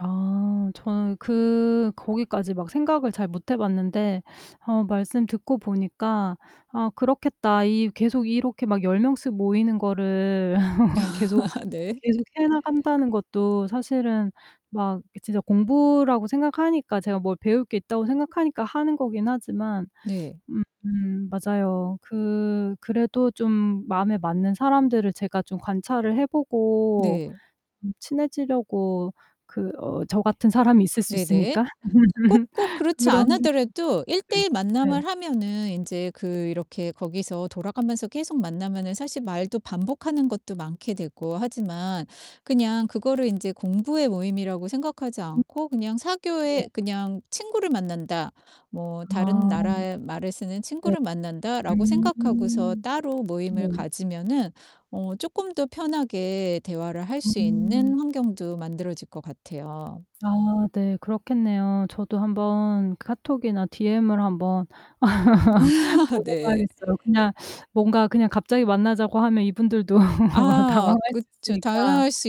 아, 저는 그 거기까지 막 생각을 잘 못 해봤는데 어 말씀 듣고 보니까 '아 그렇겠다. 이 계속 이렇게 막 10 명씩 모이는 거를 계속 네. 계속 해 나간다는 것도 사실은 막 이게 진짜 공부라고 생각하니까 제가 뭘 배울 게 있다고 생각하니까 하는 거긴 하지만 네. 음 맞아요. 그 그래도 좀 마음에 맞는 사람들을 제가 좀 관찰을 해 보고 네. 음 친해지려고 그 어 저 같은 사람이 있을 수 네네. 있으니까 꼭 꼭 그렇지 안 그런 하더라도 1:1 [unintelligible] 네. 만남을 하면은 인제 그 이렇게 거기서 돌아가면서 계속 만나면은 사실 말도 반복하는 것도 많게 되고 하지만 그냥 그거를 인제 공부의 모임이라고 생각하지 음. 않고 그냥 네. 사교의 '그냥 친구를 만난다. 뭐 다른 아. 나라의 말을 쓰는 네. 친구를 만난다.'라고 생각하고서 음. 따로 모임을 네. 가지면은 어 쪼끔 더 편하게 대화를 할 수 음. 있는 환경도 만들어질 것 같아요. 아 네 그렇겠네요. 저도 한번 카톡이나 DM을 한번 네. 보내봐야겠어요. 그냥 뭔가 그냥 갑자기 만나자고 하면 이분들도 아 당황할 수 그쵸. 있으니까. 당할 수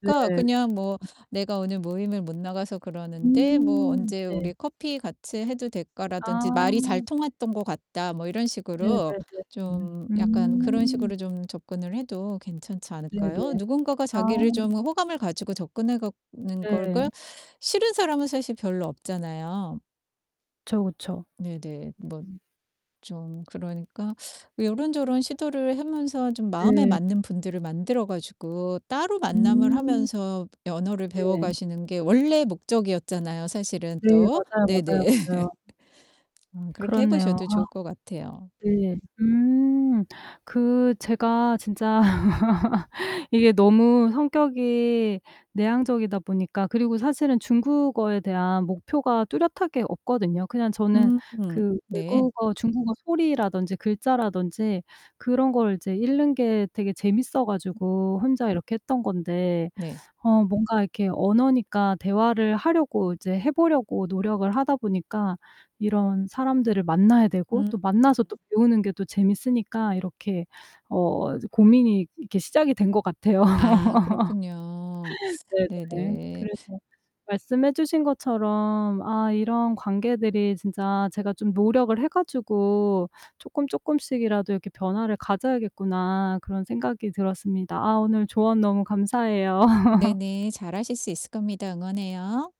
네. 그냥 뭐 음. "내가 오늘 모임을 못 나가서 그러는데 뭐 음 언제 네. 우리 커피 같이 해도 될까?"라든지 "말이 잘 아. 통했던 것 같다." 뭐 이런 식으로 네네네네. 좀 약간 그런 음. 식으로 좀 접근을 해도 괜찮지 않을까요? 네네. 누군가가 아. 자기를 좀 호감을 가지고 접근해 가는 걸 걸 네. 싫은 사람은 사실 별로 없잖아요. 그쵸, 그쵸. 네네. 뭐 음. 좀 그러니까 요런저런 시도를 하면서 좀 마음에 네. 맞는 분들을 만들어 가지고 따로 만남을 음. 하면서 언어를 네. 배워가시는 게 원래 목적이었잖아요 사실은 네, 또. 맞아요, 맞아요, 네네. 맞아요. 음 그렇게 해 그렇네요. 보셔도 아. 좋을 것 같아요. 네. 음. 그 제가 진짜 이게 너무 성격이 내향적이다 보니까 그리고 사실은 중국어에 대한 목표가 뚜렷하게 없거든요. 그냥 저는 음 그 네. 외국어 중국어 소리라든지 글자라든지 그런 걸 이제 읽는 게 되게 재밌어 음. 가지고 혼자 이렇게 했던 건데 네. 어 뭔가 이렇게 언어니까 대화를 하려고 이제 해보려고 노력을 하다 보니까 이런 사람들을 만나야 되고 음. 또 만나서 또 배우는 게 또 재밌으니까 이렇게 어 이제 고민이 이렇게 시작이 된 것 같아요. 아, 그렇군요. 네네. 네네. 그래서 말씀해 주신 것처럼 '아 이런 관계들이 진짜 제가 좀 노력을 해 가지고 쪼끔쪼끔씩이라도 이렇게 변화를 가져야겠구나.' 그런 생각이 들었습니다. 아 오늘 조언 너무 감사해요. 네네. 잘 하실 수 있을 겁니다. 응원해요.